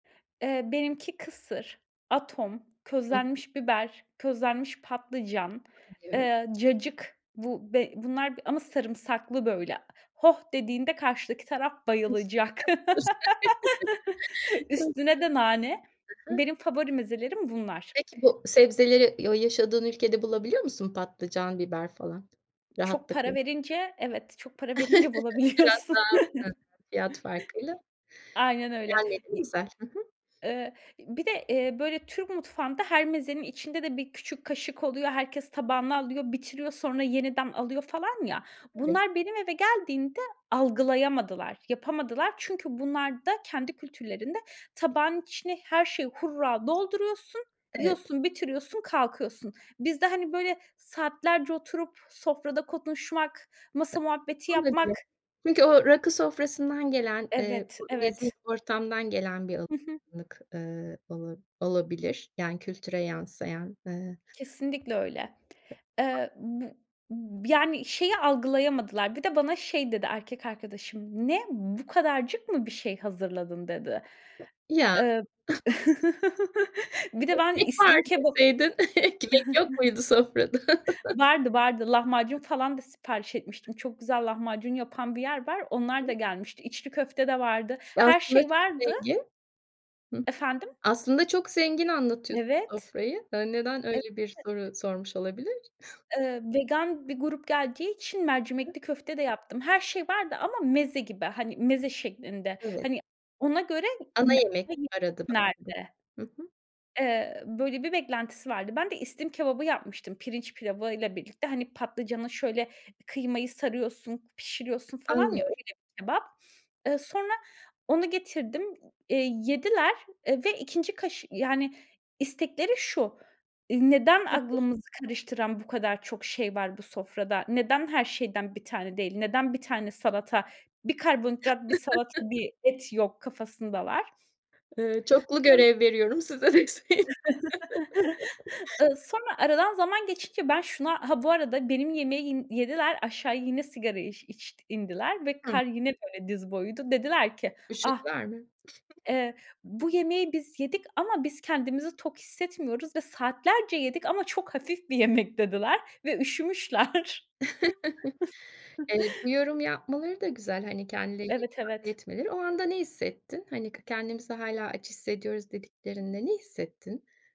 Eee, benimki kısır, atom, Hı hı. közlenmiş biber, közlenmiş patlıcan, Yorum. eee, cacık. Bu b bunlar ama sarımsaklı böyle. Hoh dediğinde karşıdaki taraf [unintelligible] bayılacak. [unintelligible] Çok Üstüne de nane. komik Benim favori mezelerim bunlar. Peki bu sebzeleri y o yaşadığın ülkede bulabiliyor musun patlıcan, biber falan Çok rahatlıkla? para verince evet, çok para verince Biraz bulabiliyorsun. daha fazla fiyat farkıyla Aynen öyle. gelmeleri İ güzel. Hı hı. eee, bir de, eee, böyle Türk mutfağında her mezenin içinde de bir küçük kaşık oluyor, herkes tabağına alıyor, bitiriyor, sonra yeniden alıyor falan ya, Tabii. bunlar benim eve geldiğinde algılayamadılar, yapamadılar. Çünkü bunlarda, kendi kültürlerinde tabağın içine her şeyi hurra dolduruyorsun, Evet. yiyorsun, bitiriyorsun, kalkıyorsun. Bizde, hani, böyle saatlerce oturup sofrada konuşmak, masa muhabbeti yapmak Olabilir. Çünkü o rakı sofrasından gelen, eee, Evet, bu nezih evet. ortamdan gelen bir al Hı hı. lık, ııı, ola olabilir yani kültüre yansıyan, eee Kesinlikle öyle. Eee, bu yani şeyi algılayamadılar bir de bana şey dedi erkek arkadaşım: "Ne! Bu kadarcık mı bir şey hazırladın?" dedi. Ya! Eee Bir de ben Ekmek var islim kebap deseydin. Ekmek yok muydu sofrada? Vardı, vardı. Lahmacun falan da sipariş etmiştim. Çok güzel lahmacun yapan bir yer var, onlar da [unintelligible] gelmişti. İçli köfte de vardı, Ya, her aslında şey çok vardı zengin Hı hı. Efendim? Aslında çok zengin anlatıyorsun Evet. sofrayı. Eee, neden Evet. öyle bir soru sormuş olabilir? Iıı vegan bir grup geldiği için Hı hı. mercimekli köfte de yaptım. Her şey vardı ama meze gibi, hani, meze şeklinde, Evet. hani, ona göre Ana n yemek [unintelligible] arada [unintelligible] nerede? Hı hı. Eee, böyle bir beklentisi vardı. Ben de islim kebabı yapmıştım pirinç pilavıyla birlikte, hani, patlıcana şöyle, kıymayı sarıyorsun, pişiriyorsun falan ya, Anlıyorum. öyle bir kebap. Eee, sonra onu getirdim, eee, yediler, eee, ve 2'nci kaşı yani istekleri şu, ııı, neden Nedir? aklımızı karıştıran bu kadar çok şey var bu sofrada? Neden her şeyden 1 tane değil? Neden 1 tane salata 1 karbonhidrat, 1 salata, 1 et yok kafasındalar. Eee, çoklu Sonra görev veriyorum size deseydin. Iıı, sonra aradan zaman geçince ben şuna Ha, bu arada benim yemeğin yediler, aşağı yine sigarayı iş içt indiler ve Hı. kar yine böyle diz boyuydu. Dediler ki: "Ah! Üşüdüler mi? Eee, bu yemeği biz yedik ama biz kendimizi tok hissetmiyoruz ve saatlerce yedik ama çok hafif bir yemek." dediler ve üşümüşler. Eee, bu yorumu yapmaları da güzel, hani, kendilerini Evet, ifade evet. etmeleri. O anda ne hissettin? Hani, "K kendimizi hâlâ aç hissediyoruz." [unintelligible] dediklerinde ne hissettin?